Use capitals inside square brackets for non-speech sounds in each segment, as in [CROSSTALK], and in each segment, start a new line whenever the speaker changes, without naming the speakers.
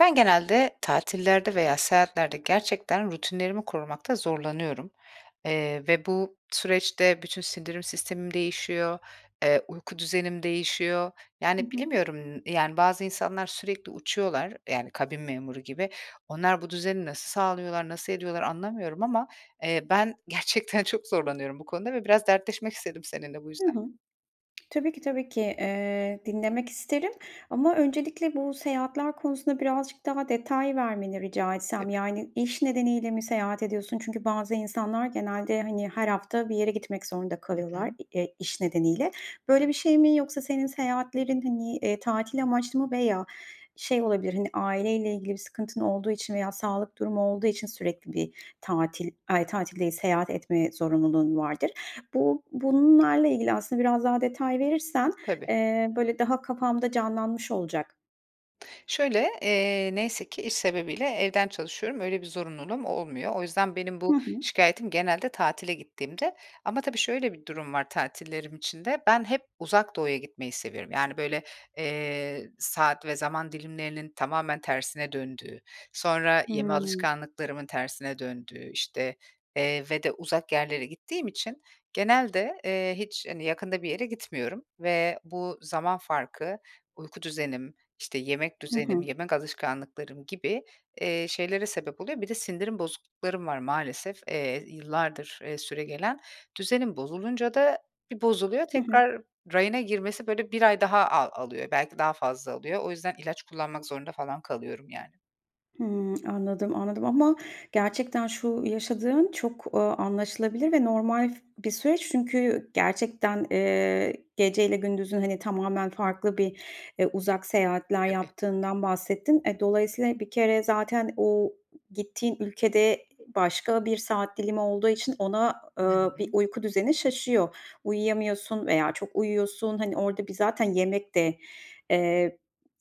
Ben genelde tatillerde veya seyahatlerde gerçekten rutinlerimi korumakta zorlanıyorum. Eee, ve bu süreçte bütün sindirim sistemim değişiyor, eee, uyku düzenim değişiyor.
Hı
Yani,
hı.
bilemiyorum, yani, bazı insanlar sürekli uçuyorlar, yani, kabin memuru gibi. Onlar bu düzeni nasıl sağlıyorlar, nasıl ediyorlar anlamıyorum ama, eee, ben gerçekten çok zorlanıyorum bu konuda ve biraz dertleşmek istedim seninle bu
Hı
yüzden.
hı. Tabii ki, tabii ki. Eee, dinlemek isterim ama öncelikle bu seyahatler konusunda birazcık daha detay vermeni rica etsem.
Tabii.
Yani iş nedeniyle mi seyahat ediyorsun? Çünkü bazı insanlar genelde, hani, her hafta bir yere gitmek zorunda
Hı hı.
kalıyorlar, eee, iş nedeniyle. Böyle bir şey mi yoksa senin seyahatlerin hani, eee, tatil amaçlı mı veya şey olabilir, hani, aileyle ilgili bir sıkıntın olduğu için veya sağlık durumu olduğu için sürekli bir tatil, ay, tatil değil seyahat etme zorunluluğun vardır. Bu bunlarla ilgili aslında biraz daha detay verirsen,
Tabii.
eee, böyle, daha kafamda canlanmış olacak.
Şöyle, eee, neyse ki, iş sebebiyle evden çalışıyorum, öyle bir zorunluluğum olmuyor. O yüzden benim
Hı
bu
hı.
şikâyetim genelde tatile gittiğimde. Ama, tabii, şöyle bir durum var tatillerim için de; ben hep Uzak Doğu'ya gitmeyi seviyorum. Yani, böyle, eee, saat ve zaman dilimlerinin tamamen tersine döndüğü, sonra yeme
Hımm.
alışkanlıklarımın tersine döndüğü, işte, eee, ve de uzak yerlere gittiğim için genelde, eee, hiç, hani, yakında bir yere gitmiyorum ve bu zaman farkı uyku düzenim, işte yemek
Hı
düzenim,
hı.
yemek alışkanlıklarım gibi, eee, şeylere sebep oluyor. Bir de sindirim bozukluklarım var maalesef, eee, yıllardır, ııı, süregelen. Düzenim bozulunca da bir bozuluyor,
Hı hı.
tekrar rayına girmesi, böyle, 1 ay daha al alıyor. Belki daha fazla alıyor. O yüzden ilaç kullanmak zorunda falan kalıyorum, yani.
Hımm, anladım, anladım ama gerçekten şu yaşadığın çok, ııı, anlaşılabilir ve normal bir süreç çünkü gerçekten, eee, geceyle gündüzün, hani, tamamen farklı bir, eee, uzak seyahatler
Tabii.
yaptığından bahsettin. Eee, dolayısıyla bir kere zaten o gittiğin ülkede başka bir saat dilimi olduğu için ona,
Hı
eee, bir
hı.
uyku düzeni şaşıyor. Uyuyamıyorsun veya çok uyuyorsun. Hani, orada bir zaten yemek de, eee,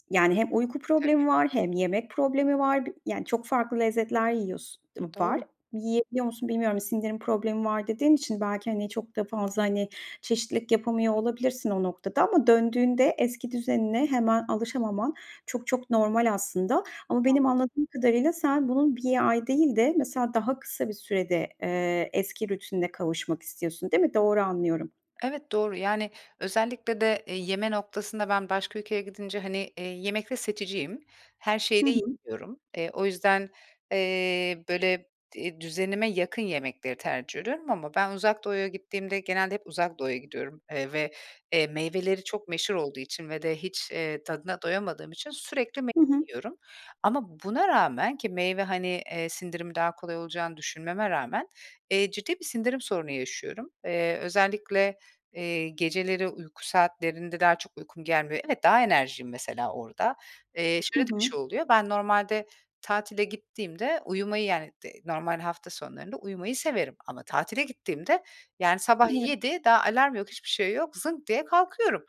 yani, hem uyku
Tabii.
problemi var hem yemek problemi var bi yani çok farklı lezzetler yiyors dım var.
Doğru.
Yiyebiliyor musun bilmiyorum, sindirim problemi var dediğin için belki, hani, çok da fazla, hani, çeşitlilik yapamıyor olabilirsin o noktada ama döndüğünde eski düzenine hemen alışamaman çok çok normal aslında ama benim
Anladım.
anladığım kadarıyla sen bunun 1 ay değil de mesela daha kısa bir sürede, eee, eski rutinine kavuşmak istiyorsun değil mi? Doğru anlıyorum.
Evet, doğru, yani, özellikle de yeme noktasında ben başka ülkeye gidince, hani, eee, yemekte seçiciyim. Her şeyi
Hı
de
hı.
[UNINTELLIGIBLE] Eee, o yüzden, eee, böyle di düzenime yakın yemekleri tercih ediyorum ama ben Uzak Doğu’ya gittiğimde genelde hep Uzak Doğu’ya gidiyorum, eee, ve, eee, meyveleri çok meşhur olduğu için ve de hiç, eee, tadına doyamadığım için sürekli meyve
Hı hı.
yiyorum. Ama buna rağmen ki meyve, hani, eee, sindirimi daha kolay olacağını düşünmeme rağmen, eee, ciddi bir sindirim sorunu yaşıyorum. Eee, özellikle, eee, geceleri uyku saatlerinde daha çok uykum gelmiyor. Evet, daha enerjiğim mesela orada. Eee,
Hı
şöyle de bir
hı.
şey oluyor. Ben normalde tatile gittiğimde uyumayı yani dı normal hafta sonlarında uyumayı severim ama tatile gittiğimde yani sabah
[UNINTELLIGIBLE]
7, daha alarm yok, hiçbir şey yok, zınk diye kalkıyorum.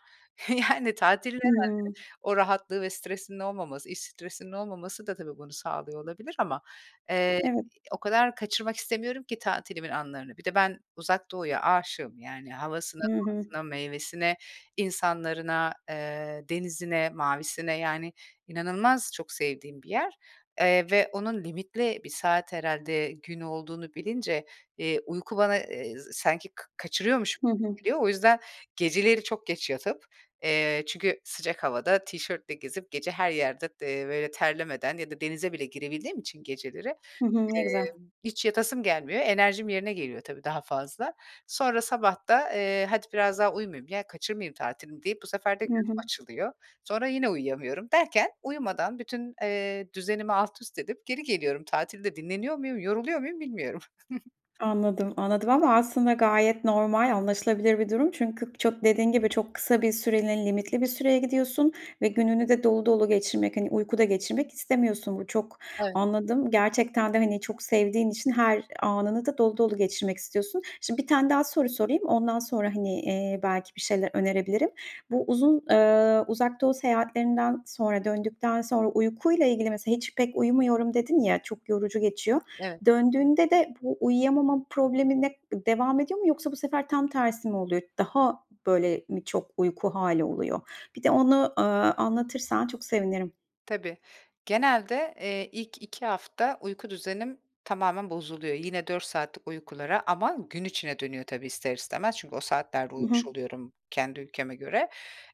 Yani, tatilin herhâlde
Hımm.
o rahatlığı ve stresinin olmaması, iş stresinin olmaması da tabii bunu sağlıyor olabilir. Ama, eee,
Evet.
o kadar kaçırmak istemiyorum ki tatilimin anlarını. Bir de ben Uzak Doğu’ya aşığım yani havasına,
Hı hı.
doğasına, meyvesine, insanlarına, eee, denizine, mavisine yani inanılmaz çok sevdiğim bir yer, eee, ve onun limitli bir saat herhâlde gün olduğunu bilince, eee, uyku bana, eee, sanki ka kaçırıyormuş [UNINTELLIGIBLE]
Hı hı.
geliyor. O yüzden geceleri çok geç yatıp, eee, çünkü sıcak havada tişörtle gezip gece her yerded eee, böyle terlemeden ya da denize bile girebildiğim için geceleri,
Hı hı. Ne güzel.
emm, hiç yatasım gelmiyor. Enerjim yerine geliyor tabii daha fazla. Sonra sabah da, eee, hadi biraz daha uyumayayım ya, kaçırmayayım tatilimi deyip bu sefer de
Hı
gözüm
hı.
açılıyor. Sonra yine uyuyamıyorum derken uyumadan bütün, eee, düzenimi altüst edip geri geliyorum. Tatilde dinleniyor muyum, yoruluyor muyum bilmiyorum. [CHUCKLES]
Anladım, anladım ama aslında gayet normal, anlaşılabilir bir durum çünkü çok dediğin gibi çok kısa bir süreliğine, limitli bir süreye gidiyorsun ve gününü de dolu dolu geçirmek, hani, uykuda geçirmek istemiyorsun. Bu çok
Evet.
anladım. Gerçekten de, hani, çok sevdiğin için her anını da dolu dolu geçirmek istiyorsun. Şimdi bir tane daha soru sorayım. Ondan sonra, hani, eee, belki bir şeyler önerebilirim. Bu uzun, eee, Uzak Doğu seyahatlerinden sonra döndükten sonra uykuyla ilgili mesela hiç pek uyumuyorum dedin ya, çok yorucu geçiyor.
Evet.
Döndüğünde de bu uyuyamama problemine devam ediyor mu yoksa bu sefer tam tersi mi oluyor? Daha böyle mi çok uyku hâli oluyor? Bir de onu, ııı, anlatırsan çok sevinirim.
Tabii. Genelde, eee, ilk 2 hafta uyku düzenim tamamen bozuluyor. Yine, 4 saatlik uykulara ama gün içine dönüyor, tabii ister istemez. Çünkü o saatlerde
Hı
uyumuş
hı.
oluyorum kendi ülkeme göre.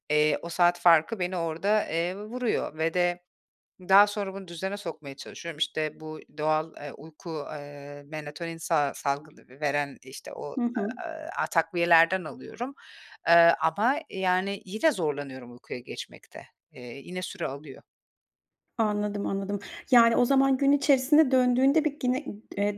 Eee, o saat farkı beni orada, eee, vuruyor ve de daha sonra bunu düzene sokmaya çalışıyorum. İşte, bu doğal, eee, uyku, eee, melatonin sa salgı ve veren, işte o,
Hı hı.
aaa, takviyelerden alıyorum. Eee, ama, yani, yine zorlanıyorum uykuya geçmekte. Eee, yine süre alıyor.
Anladım, anladım. Yani, o zaman gün içerisinde döndüğünde, bir, yine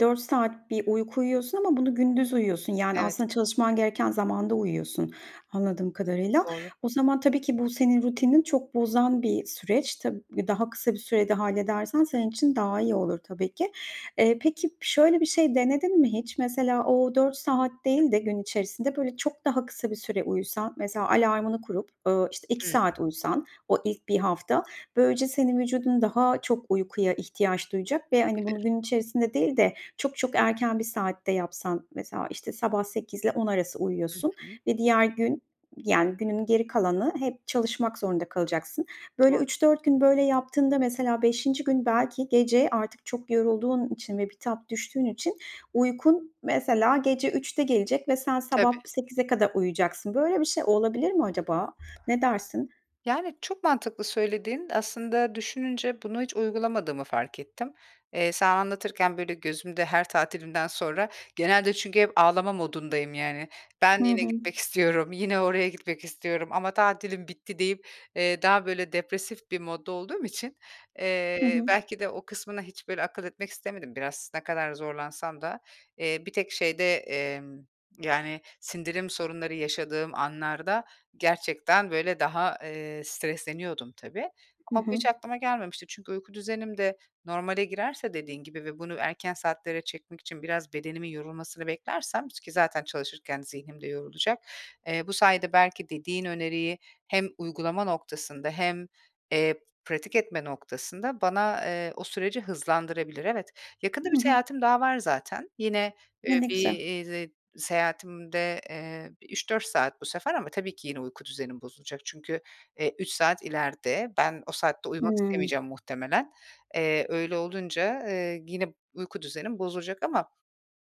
4 saat bir uyku uyuyorsun ama bunu gündüz uyuyorsun, yani,
Evet.
aslında çalışman gereken zamanda uyuyorsun, anladığım kadarıyla.
Doğru.
O zaman, tabii ki bu senin rutinini çok bozan bir süreç. Tab daha kısa bir sürede halledersen senin için daha iyi olur, tabii ki. Eee, peki, şöyle bir şey denedin mi hiç; mesela, o 4 saat değil de gün içerisinde böyle çok daha kısa bir süre uyusan, mesela, alarmını kurup, uuu, işte 2
Hıı.
saat uyusan o ilk 1 hafta, böylece senin vücudun daha çok uykuya ihtiyaç duyacak ve, hani, bunu
Olabilir.
gün içerisinde değil de, çok çok erken bir saatte yapsan, mesela, işte, sabah 08.00'le 10.00 arası
Hı
uyuyorsun
hı.
ve diğer gün, yani, günün geri kalanı hep çalışmak zorunda kalacaksın. Böyle,
Doğru.
3-4 gün, böyle, yaptığında, mesela, 5'inci gün belki gece artık çok yorulduğun için ve bitap düştüğün için uykun, mesela, gece 03.00'de gelecek ve sen sabah
Tabii.
08.00'e kadar uyuyacaksın. Böyle bir şey olabilir mi acaba? Ne dersin?
Yani, çok mantıklı söylediğin. Aslında, düşününce bunu hiç uygulamadığımı fark ettim. Eee, sana anlatırken böyle gözümde her tatilimden sonra genelde çünkü hep ağlama modundayım, yani. "Ben
Hı
yine
hı.
gitmek istiyorum, yine oraya gitmek istiyorum ama tatilim bitti" deyip, eee, daha böyle depresif bir modda olduğum için,
Hı
eee,
hı.
belki de o kısmına hiç böyle akıl etmek istemedim biraz. Ne kadar zorlansam da, eee, bir tek şeyde, emm, yani, sindirim sorunları yaşadığım anlarda gerçekten böyle daha, eee, stresleniyordum tabii
Hı
ama bu
hı.
hiç aklıma gelmemişti. Çünkü uyku düzenim de normale girerse dediğin gibi ve bunu erken saatlere çekmek için biraz bedenimin yorulmasını beklersem ki zaten çalışırken zihnim de yorulacak, eee, bu sayede belki dediğin öneriyi hem uygulama noktasında hem, eee, pratik etme noktasında bana, eee, o süreci hızlandırabilir. Evet, yakında bir
Hı hı.
seyahatim daha var zaten. Yine,
Ne
eee,
ne güzel.
bir seyahatimde, eee, bir 3-4 saat bu sefer ama tabii ki yine uyku düzenim bozulacak. Çünkü, eee, 3 saat ileride. Ben o saatte uyumak
Hımm.
istemeyeceğim muhtemelen. Eee, öyle olunca, eee, yine uyku düzenim bozulacak ama,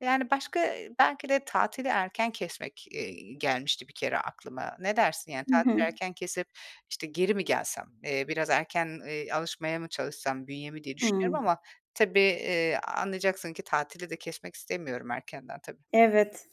yani, başka belki de tatili erken kesmek, eee, gelmişti bir kere aklıma. Ne dersin yani
Hı
tatili
hı.
erken kesip işte geri mi gelsem, eee, biraz erken, eee, alışmaya mı çalışsam bünyemi diye düşünüyorum
Hıı.
ama tabii, eee, anlayacaksın ki, tatili de kesmek istemiyorum erkenden, tabii.
Evet.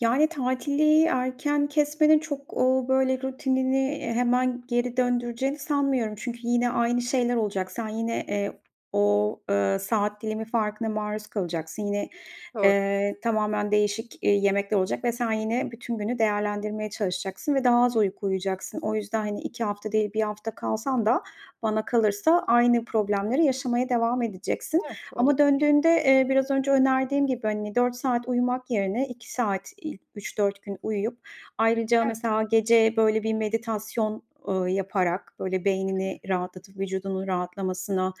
Yani, tatili erken kesmenin çok, uuu, böyle, rutinini hemen geri döndüreceğini sanmıyorum. Çünkü yine aynı
Hı hı.
şeyler olacak. Sen yine, eee, o, ııı, saat dilimi farkına maruz kalacaksın. Yine,
Doğru.
eee, tamamen değişik, iii, yemekler olacak ve sen yine bütün günü değerlendirmeye çalışacaksın ve
Hı
daha
hı.
az uyku uyuyacaksın. O yüzden, hani, 2 hafta değil, 1 hafta kalsan da bana kalırsa aynı problemleri yaşamaya devam edeceksin
Evet,
ama
olabilir.
döndüğünde, eee, biraz önce önerdiğim gibi, hani, 4 saat uyumak yerine 2 saat ilk 3-4 gün uyuyup ayrıca,
Evet.
mesela, gece, böyle, bir meditasyon, ııı, yaparak böyle
Hı hı.
beynini rahatlatıp vücudunun rahatlamasına,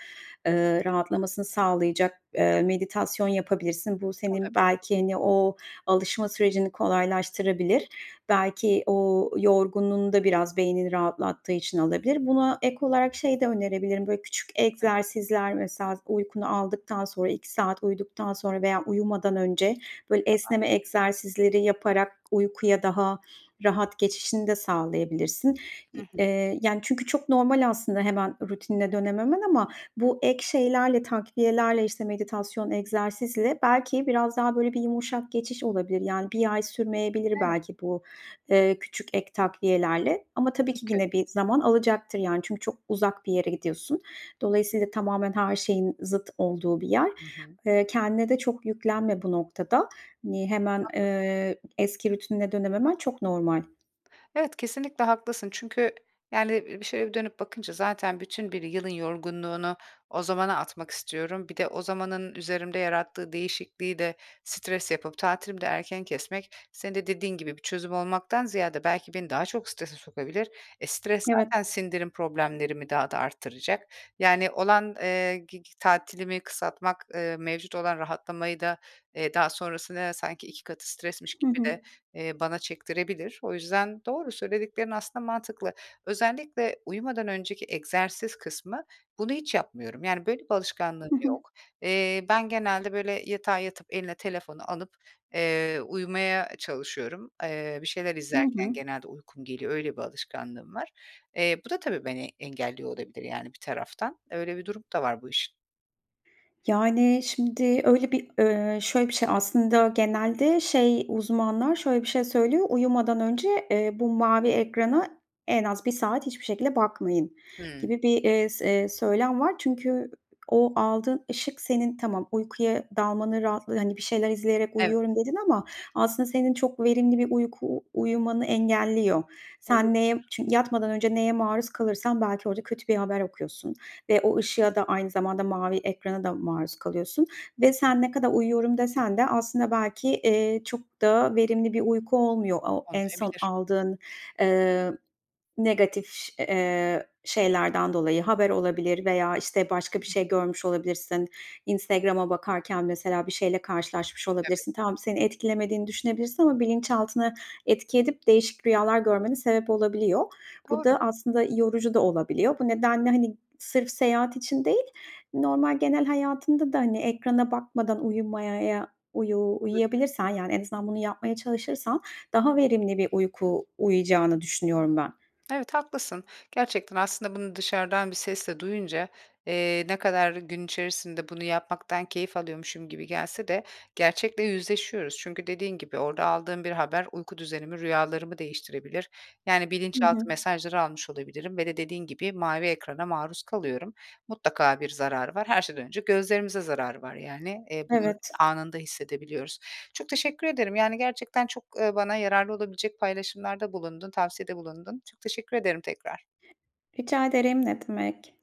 eee, rahatlamasını sağlayacak, eee, meditasyon yapabilirsin. Bu senin
Olabilir.
belki hani o alışma sürecini kolaylaştırabilir. Belki o yorgunluğunu da biraz beynini rahatlattığı için alabilir. Buna ek olarak şeyi de önerebilirim, böyle küçük
Tabii.
egzersizler, mesela, uykunu aldıktan sonra, 2 saat uyuduktan sonra veya uyumadan önce böyle
Tamam.
esneme egzersizleri yaparak uykuya daha rahat geçişini de sağlayabilirsin.
Hı
Y
hı.
eee, yani çünkü çok normal aslında hemen rutinine dönememen ama bu ek şeylerle, takviyelerle, işte, meditasyon, egzersizle belki biraz daha böyle bir yumuşak geçiş olabilir. Yani, 1 ay sürmeyebilir
Evet.
belki bu, eee, küçük ek takviyelerle ama tabii ki
Mümkün.
yine bir zaman alacaktır, yani, çünkü çok uzak bir yere gidiyorsun. Dolayısıyla, tamamen her şeyin zıt olduğu bir yer.
Hı hı.
Eee, kendine de çok yüklenme bu noktada. Hani, hemen,
Haklısın.
eee, eski rutinine dönememen çok normal.
Evet, kesinlikle haklısın çünkü, yani, bir şöyle dönüp bakınca zaten bütün bir yılın yorgunluğunu o zamana atmak istiyorum. Bir de o zamanın üzerimde yarattığı değişikliği de stres yapıp tatilimi de erken kesmek, senin de dediğin gibi, bir çözüm olmaktan ziyade belki beni daha çok strese sokabilir. Eee, stres
Evet.
zaten sindirim problemlerimi daha da arttıracak yani olan, eee, gi gi tatilimi kısaltmak, eee, mevcut olan rahatlamayı da, eee, daha sonrasında sanki 2 katı stresmiş
Hı
gibi
hı.
de, eee, bana çektirebilir. O yüzden doğru, söylediklerin aslında mantıklı. Özellikle uyumadan önceki egzersiz kısmı, bunu hiç yapmıyorum. Yani, böyle, bir alışkanlığım
Hı hı.
yok. Eee, ben genelde, böyle, yatağa yatıp eline telefonu alıp, eee, uyumaya çalışıyorum. Eee, bir şeyler
Hı
izlerken
hı.
genelde uykum geliyor, öyle bir alışkanlığım var. Eee, bu da tabii beni engelliyor olabilir, yani, bir taraftan. Öyle bir durumu da var bu işin.
Yani, şimdi öyle bir, eee, şöyle bir şey, aslında genelde şey uzmanlar şöyle bir şey söylüyor, "Uyumadan önce, eee, bu mavi ekrana en az 1 saat hiçbir şekilde bakmayın."
Hımm.
gibi bir, eee, s söylem var. Çünkü o aldığın ışık senin tamam uykuya dalmanın rahatlığı Hani, bir şeyler izleyerek
Evet.
uyuyorum dedin ama aslında senin çok verimli bir uyku u uyumanı engelliyor.
Olabilir.
Sen neye çünkü yatmadan önce neye maruz kalırsan belki orada kötü bir haber okuyorsun ve o ışığa da aynı zamanda mavi ekrana da maruz kalıyorsun ve sen ne kadar uyuyorum desen de aslında belki, eee, çok da verimli bir uyku olmuyor o en son
Olmayabilir.
aldığın, eee, negatif ş eee, şeylerden dolayı haber olabilir veya, işte, başka bir şey görmüş olabilirsin. Instagram'a bakarken mesela bir şeyle karşılaşmış
Tabii.
olabilirsin. Tamam, seni etkilemediğini düşünebilirsin ama bilinçaltına etki edip değişik rüyalar görmene sebep olabiliyor. Bu
Doğru.
da aslında yorucu da olabiliyor. Bu nedenle, hani, sırf seyahat için değil, normal genel hayatında da, hani, ekrana bakmadan uyumaya, ya, uyu
Olabilir.
uyuyabilirsen, yani, en azından, bunu yapmaya çalışırsan daha verimli bir uyku uyuyacağını düşünüyorum ben.
Evet, haklısın. Gerçekten aslında bunu dışarıdan bir sesle duyunca, eee, ne kadar gün içerisinde bunu yapmaktan keyif alıyormuşum gibi gelse de gerçekle yüzleşiyoruz. Çünkü dediğin gibi orada aldığım bir haber uyku düzenimi, rüyalarımı değiştirebilir. Yani,
Hı
bilinçaltı
hı.
mesajları almış olabilirim ve de dediğin gibi mavi ekrana maruz kalıyorum. Mutlaka bir zararı var. Her şeyden önce gözlerimize zararı var. Yani, eee, bunu
Evet.
anında hissedebiliyoruz. Çok teşekkür ederim, yani, gerçekten çok, eee, bana yararlı olabilecek paylaşımlarda bulundun, tavsiyede bulundun. Çok teşekkür ederim tekrar.
Rica ederim, ne demek.